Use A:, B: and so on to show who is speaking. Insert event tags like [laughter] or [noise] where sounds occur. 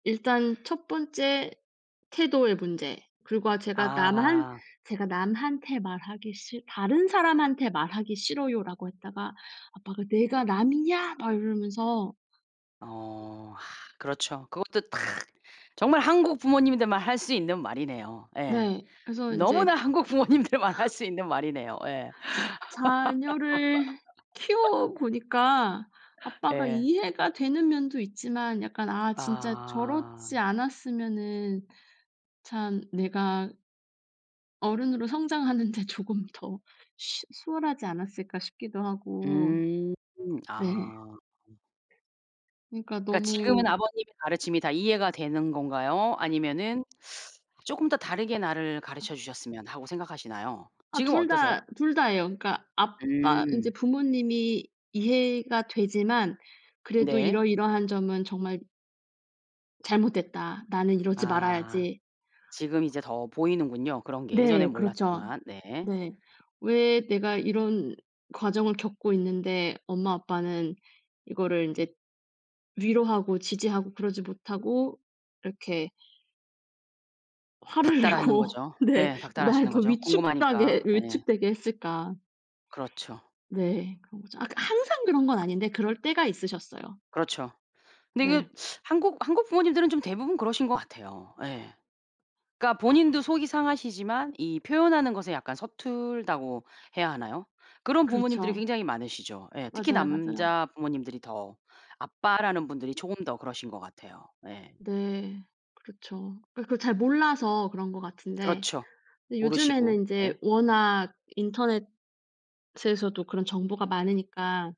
A: 일단 1 번째 태도의 문제. 그리고 제가 "남한
B: 아.
A: 제가 남한테 말하기 싫 다른 사람한테 말하기 싫어요."라고 했다가 "아빠가 내가 남이냐?" 막 이러면서.
B: 어. 아 그렇죠. 그것도 딱 정말 한국 부모님들만 할 수 있는 말이네요. 예.
A: 네 그래서 인제
B: 너무나 한국 부모님들만 할
A: [laughs]
B: 수 있는 말이네요. 예.
A: [sucks teeth] 자녀를 키워
B: [laughs]
A: 보니까 아빠가
B: 예.
A: 이해가 되는 면도 있지만 약간 '아 진짜
B: 아.
A: 저렇지 않았으면은 참 내가' '어른으로 성장하는 데 조금 더 쉬 수월하지 않았을까?' 싶기도 하고.
B: 음.
A: 네.
B: 아.
A: 그니까
B: 그러니까 지금은
A: 너무
B: 아버님의 가르침이 다 이해가 되는 건가요? 아니면은 [sucks teeth] '조금 더 다르게 나를
A: 아.
B: 가르쳐 주셨으면.' 하고 생각하시나요?
A: 아
B: 지금은
A: 2
B: 어떠세요?
A: 다, 2 다예요. 그니까 '아빠 이제
B: 음.
A: 부모님이 이해가 되지만 그래도
B: 네.
A: 이러이러한 점은 정말' '잘못됐다. 나는 이러지
B: 아.
A: 말아야지.'
B: 지금 이제 더 보이는군요, 그런게.
A: 네,
B: 예전엔
A: 그렇죠.
B: 몰랐지만. 네.
A: 네. '왜 내가 이런 과정을 겪고 있는데 엄마 아빠는 이거를 인제 위로하고 지지하고 그러지 못하고 이렇게 화를
B: 닦달하는
A: 내고'
B: 거죠.
A: 네.
B: 예.
A: '날
B: 닦달하시는
A: 더
B: 거죠.
A: 위축다게
B: 궁금하니까. 예.
A: 위축되게 했을까.'
B: 그렇죠.
A: 네. 그런거죠. 아 그러니까 항상 그런 건 아닌데 그럴 때가 있으셨어요.
B: 그렇죠. 근데 이게
A: 네.
B: [sucks teeth] 한국 한국 부모님들은 좀 대부분 그러신 것 같아요. 예. 그러니까 본인도
A: [gasps]
B: 속이 상하시지만 이 표현하는 것에 약간 서툴다고 해야 하나요? 그런 부모님들이
A: 그렇죠.
B: 굉장히 많으시죠. 예. 특히
A: 맞아요 맞아요.
B: 남자 부모님들이 더. 아빠라는 분들이 조금 더 그러신 것 같아요. 예.
A: 네 그렇죠. 그러니까 그걸 잘 몰라서 그런 것 같은데
B: 그렇죠.
A: 근데
B: 모르시고.
A: 요즘에는 이제
B: 예.
A: 워낙 인터넷에서도 그런 정보가 많으니까